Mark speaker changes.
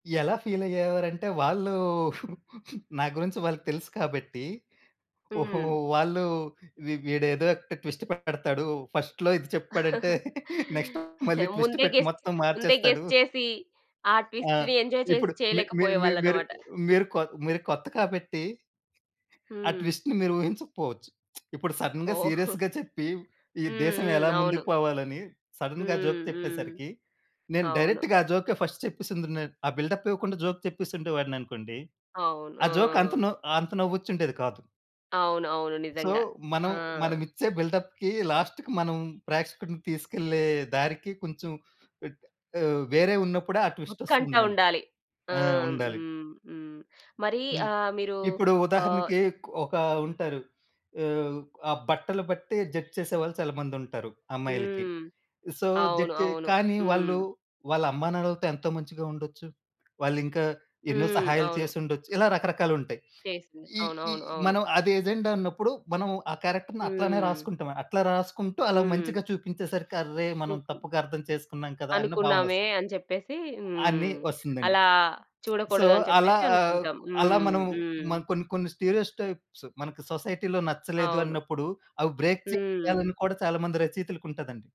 Speaker 1: ఎలా ఫీలయ్యేవారంటే, వాళ్ళూ నా గురించి వాళ్ళకి తెలుసు కాబట్టీ, ఓహో!
Speaker 2: హ్మ్.
Speaker 1: వాళ్ళూ వీ వీడేదో ఒక ట్విస్ట్ పెడతాడు ఫస్ట్‌లో ఇది చెప్పాడంటే. నెక్స్ట్ మళ్ళీ ట్విస్ట్
Speaker 2: ముందే
Speaker 1: పెట్టి
Speaker 2: గెస్ చే
Speaker 1: మొత్తం
Speaker 2: ముందే
Speaker 1: మార్చేస్తాడు.
Speaker 2: గెస్ చేసీ ఆ
Speaker 1: ఆ!
Speaker 2: ట్విస్టుని ఎంజాయ్ చేసి
Speaker 1: ఇప్పుడు మీ మీ మీ మీరు
Speaker 2: చెయలేకపోయేవాళ్ళనమాట.
Speaker 1: మీరు కొ మీరు కొత్త కాబట్టి... ఆ
Speaker 2: హ్మ్.
Speaker 1: ట్విస్ట్‌ని మీరూహించకపోవచ్చు. ఇప్పుడు సడన్‌గా
Speaker 2: ఓహ్!
Speaker 1: సీరియస్‌గా చెప్పి, ఈ
Speaker 2: హ్మ్.
Speaker 1: దేశం
Speaker 2: హ్మ్.
Speaker 1: ఎలా
Speaker 2: అవును.
Speaker 1: ముందుకు పోవాలని, సడన్‌గా జోక్
Speaker 2: హ్మ్. హ్మ్.
Speaker 1: చెప్పేసరికి, నేను
Speaker 2: అవును.
Speaker 1: డైరెక్ట్‌గా ఆ జోకే ఫస్ట్‌ చెప్పేసుం‌దును నేను. ఆ బిల్డప్పివ్వకుండా జోక్ చెప్పే‌సుండే వాడిననుకోండి,
Speaker 2: అవును.
Speaker 1: ఆ జోక్ అంత
Speaker 2: ఆ!
Speaker 1: నవ్ అంత నవ్వొచ్చుండేది కాదు.
Speaker 2: అవును. అవును.
Speaker 1: సో,
Speaker 2: నిజంగా
Speaker 1: మనం,
Speaker 2: ఆ!
Speaker 1: మనమిచ్చే బిల్డప్‌కీ లాస్ట్‌కి మనం ప్రేక్షకుడిని తీసుకెళ్ళే దారికి కొంచం ఇట్ ఆహ్, వేరే ఉన్నప్పుడే ఆ
Speaker 2: ఉత్కంఠ
Speaker 1: ట్విస్టొస్తుంది మనకి.
Speaker 2: ఉండాలి. ఆ!
Speaker 1: ఆ! ఉండాలి.
Speaker 2: హ్మ్. హ్మ్. మరీ
Speaker 1: హ్మ్.
Speaker 2: ఆహ్, మీరూ
Speaker 1: ఇప్పుడు
Speaker 2: ఆహ్
Speaker 1: ఉదాహరణకీ క్ ఒకా ఉంటారు. ఆహ్, ఆ బట్టలు బట్టే జడ్జ్ చేసేవాళ్ళు చాలా మందుంటారు అమ్మాయిలకి.
Speaker 2: హ్మ్.
Speaker 1: సో,
Speaker 2: అవును.
Speaker 1: జడ్జ్ చే
Speaker 2: అవును.
Speaker 1: కానీ, వాళ్ళు
Speaker 2: హ్మ్.
Speaker 1: వాళ్ళ అమ్మానాన్నలతో ఎంతో మంచిగా ఉండొచ్చు. వాళ్ళింకా ఎన్నో
Speaker 2: హ్మ్.
Speaker 1: సహాయాలు
Speaker 2: అవును.
Speaker 1: చేసుండొచ్చు. ఇలా రకరకాలుంటాయి.
Speaker 2: చేసింది.
Speaker 1: ఈ ఈ
Speaker 2: అవునవును. అవును.
Speaker 1: మనం అదెజెండా అన్నప్పుడు, మనం ఆ క్యారెక్టర్‌ని అట్లానే
Speaker 2: హ్మ్.
Speaker 1: రాసుకుంటాం. అట్లా రాసుకుంటూ, అలా
Speaker 2: హ్మ్.
Speaker 1: మంచిగా చూపించేసరికి "అర్రే! మనం
Speaker 2: లోకం.
Speaker 1: తప్పుగా అర్థం చేసుకున్నాం కదా!" అన్న
Speaker 2: అనుకున్నామే
Speaker 1: భావనొస్తది.
Speaker 2: అని చెప్పేసీ.
Speaker 1: అనీ
Speaker 2: హ్మ్.
Speaker 1: వస్తందండి.
Speaker 2: అలా
Speaker 1: సో,
Speaker 2: చూడకూడదు అని
Speaker 1: అలా
Speaker 2: చెప్పేసి
Speaker 1: ఆహ్,
Speaker 2: అనుకుంటాం.
Speaker 1: అలా
Speaker 2: హ్మ్.
Speaker 1: మనం,
Speaker 2: హ్మ్.
Speaker 1: మనం కొన్ని కొన్ని స్టీరియోటైప్స్, మనకి సొసైటీ‌లో నచ్చలేదు
Speaker 2: అవును.
Speaker 1: అన్నప్పుడు, అవి బ్రేక్
Speaker 2: హ్మ్.
Speaker 1: చెయ్యాలని కూడా చాలామంది రచయితలకుంటదండి.